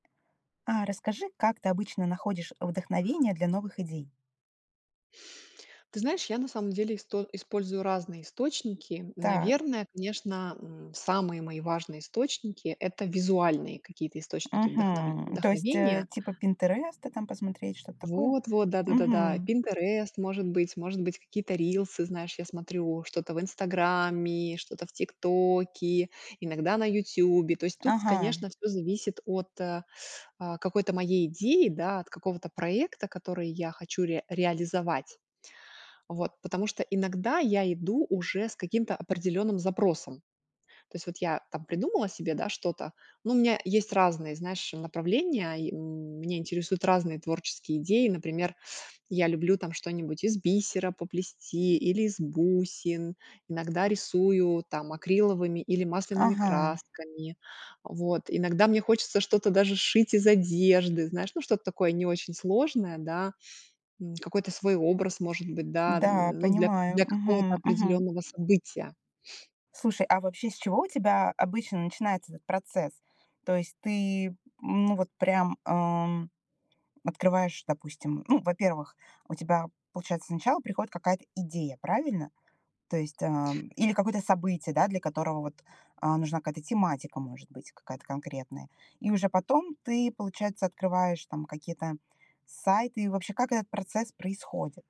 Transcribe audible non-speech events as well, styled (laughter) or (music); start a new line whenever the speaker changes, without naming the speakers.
А расскажи, как ты обычно находишь вдохновение для новых идей?
Ты знаешь, я на самом деле исто использую разные источники.
Так.
Наверное, конечно, м, самые мои важные источники- это визуальные какие-то источники вдохновль
Мгм. То есть, э,
вдохновения.
типа "Пинтереста" там посмотреть, что-то такое?
Вот вот, да-да-да-да,
Мгм.
Pinterest, может быть, может быть, какие-то рилсы, знаешь, я смотрю что-то в "Инстаграме", что-то в "Тиктоке", иногда на "Ютубе". То есть тут,
Ага.
конечно, всё зависит от, э, а, какой-то моей идеи, да, от какого-то проекта, который я хочу ре реализовать, вот. Потому что иногда я иду уже с каким-то определенным запросом. То есть вот я там придумала себе, да, что-то, ну, у меня есть разные, знаешь, направления. И меня интересуют разные творческие идеи. Например, (sucks teeth) я люблю там что-нибудь из бисера поплести или из бусин, иногда рисую там акриловыми или масляными
Ага.
красками. Вот. Иногда мне хочется что-то даже сшить из одежды, знаешь, ну, что-то такое не очень сложное, да, м, какой-то свой образ, может быть, да,
Да,
ну, для
понимаю.
для какого-то
Мгм, мгм.
определённого события.
Слушай, а вообще с чего у тебя обычно начинается этот процесс? То есть ты, ну, вот прям, ам, открываешь, допустим Ну, во-первых, у тебя, получается, сначала приходит какая-то идея, правильно? То есть, ам Или какое-то событие, да, для которого вот, а, нужна какая-то тематика, может быть, какая-то конкретная. И уже потом ты, получается, открываешь там какие-то сайты. И вообще как этот процесс происходит?